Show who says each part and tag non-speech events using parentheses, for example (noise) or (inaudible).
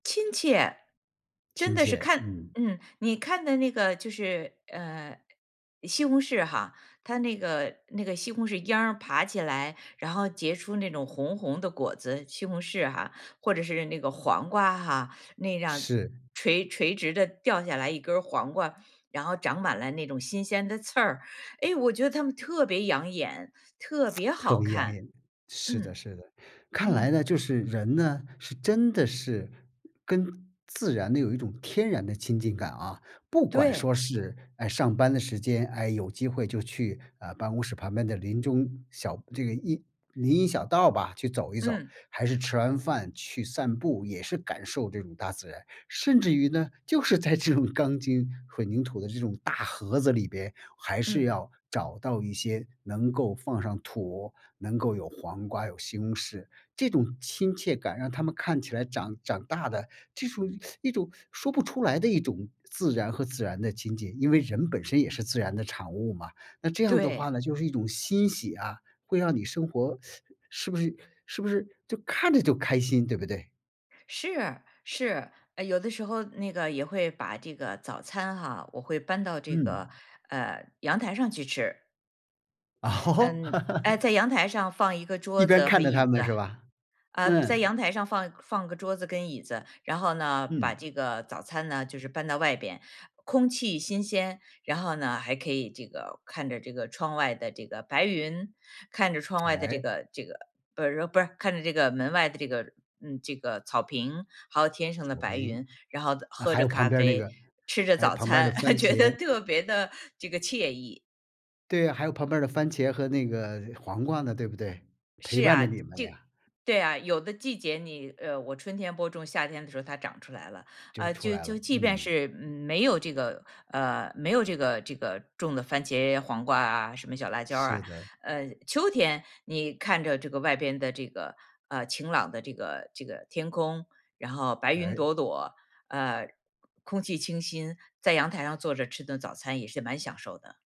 Speaker 1: 亲切，真
Speaker 2: 亲
Speaker 1: 的是
Speaker 2: 切，
Speaker 1: 看
Speaker 2: 嗯。
Speaker 1: 嗯，你看的那个就是，呃，西红柿哈，它那个那个西红柿秧儿爬起来，然后结出那种红红的果子，西红柿哈，或者是那个黄瓜哈，那样
Speaker 2: 是。
Speaker 1: 垂垂直地掉下来一根儿黄瓜，然后长满了那种新鲜的刺儿。哎，我觉得它们特别养眼，特别
Speaker 2: (tsk) 特
Speaker 1: 好
Speaker 2: 别养
Speaker 1: 看，
Speaker 2: 眼，是的
Speaker 1: 嗯。
Speaker 2: 是的。看来
Speaker 1: 嗯。
Speaker 2: 呢，就是人呢，是真的是跟自然呢，有一种天然的亲近感啊。不管
Speaker 1: 对。
Speaker 2: 说是，呃，上班的时间，哎，有机会就去，呃，办公室旁边的林中小这个荫林荫小道吧，去走一走，
Speaker 1: 嗯。
Speaker 2: 还是吃完饭去散步，也是感受这种大自然。甚至于呢，就是在这种钢筋混凝土的这种大盒子里边还是
Speaker 1: 嗯。
Speaker 2: 要找到一些能够放上土，能够有黄瓜有西红柿，这种亲切感让它们看起来长长大的，这种 (sucks teeth) 一种说不出来的一种自然和自然的情结，因为人本身也是自然的产物嘛。那这样的话
Speaker 1: 对。
Speaker 2: 呢，就是一种欣喜啊，会让你生活 (sucks teeth) 是不是是不是就看着就开心，对不对？
Speaker 1: 是是，呃，有的时候那个也会把这个早餐哈，我会搬到这个，
Speaker 2: 嗯。
Speaker 1: 呃，阳台上去吃。
Speaker 2: 哦？
Speaker 1: 嗯
Speaker 2: (laughs)
Speaker 1: 呃，在阳台上放1个
Speaker 2: 一
Speaker 1: 桌
Speaker 2: 边
Speaker 1: 子和
Speaker 2: 看着它
Speaker 1: 椅
Speaker 2: 们，
Speaker 1: 子，
Speaker 2: 是吧，
Speaker 1: 呃，在
Speaker 2: 嗯。
Speaker 1: 阳台上放放个桌子跟椅子，然后呢，把
Speaker 2: 嗯。
Speaker 1: 这个早餐呢，就是搬到外边。空气新鲜，然后呢，还可以这个看着这个窗外的这个白云，看着窗外的这
Speaker 2: 哎。
Speaker 1: 个这个不是不是看着这个门外的这个嗯，这个草坪，还有天上的
Speaker 2: 草
Speaker 1: 白
Speaker 2: 坪，
Speaker 1: 云，然后
Speaker 2: 啊，
Speaker 1: 喝
Speaker 2: 还
Speaker 1: 着
Speaker 2: 有
Speaker 1: 咖
Speaker 2: 旁边儿那
Speaker 1: 啡，
Speaker 2: 个
Speaker 1: 吃着
Speaker 2: 还有
Speaker 1: 早
Speaker 2: 旁边的
Speaker 1: 餐，
Speaker 2: 番
Speaker 1: (laughs) 觉得
Speaker 2: 茄。
Speaker 1: 特别地这个惬意。
Speaker 2: 对啊，还有旁边儿的番茄和那个黄瓜呢，对不对？陪
Speaker 1: 是
Speaker 2: 伴着
Speaker 1: 啊。
Speaker 2: 你们
Speaker 1: 这
Speaker 2: 呀。
Speaker 1: 对啊，有的季节你呃，我春天播种，夏天的时候它长出来了。
Speaker 2: 就
Speaker 1: 呃，
Speaker 2: 出
Speaker 1: 就
Speaker 2: 来了，
Speaker 1: 就即便
Speaker 2: 嗯。
Speaker 1: 是没有这个呃，没有这个这个种的番茄、黄瓜啊，什么小辣椒儿
Speaker 2: 是
Speaker 1: 啊，
Speaker 2: 的。
Speaker 1: 呃，秋天你看着这个外边的这个，呃，晴朗的这个这个天空，然后白云
Speaker 2: 哎。
Speaker 1: 朵朵，呃，空气清新，在阳台上坐着吃顿早餐也是蛮享受的。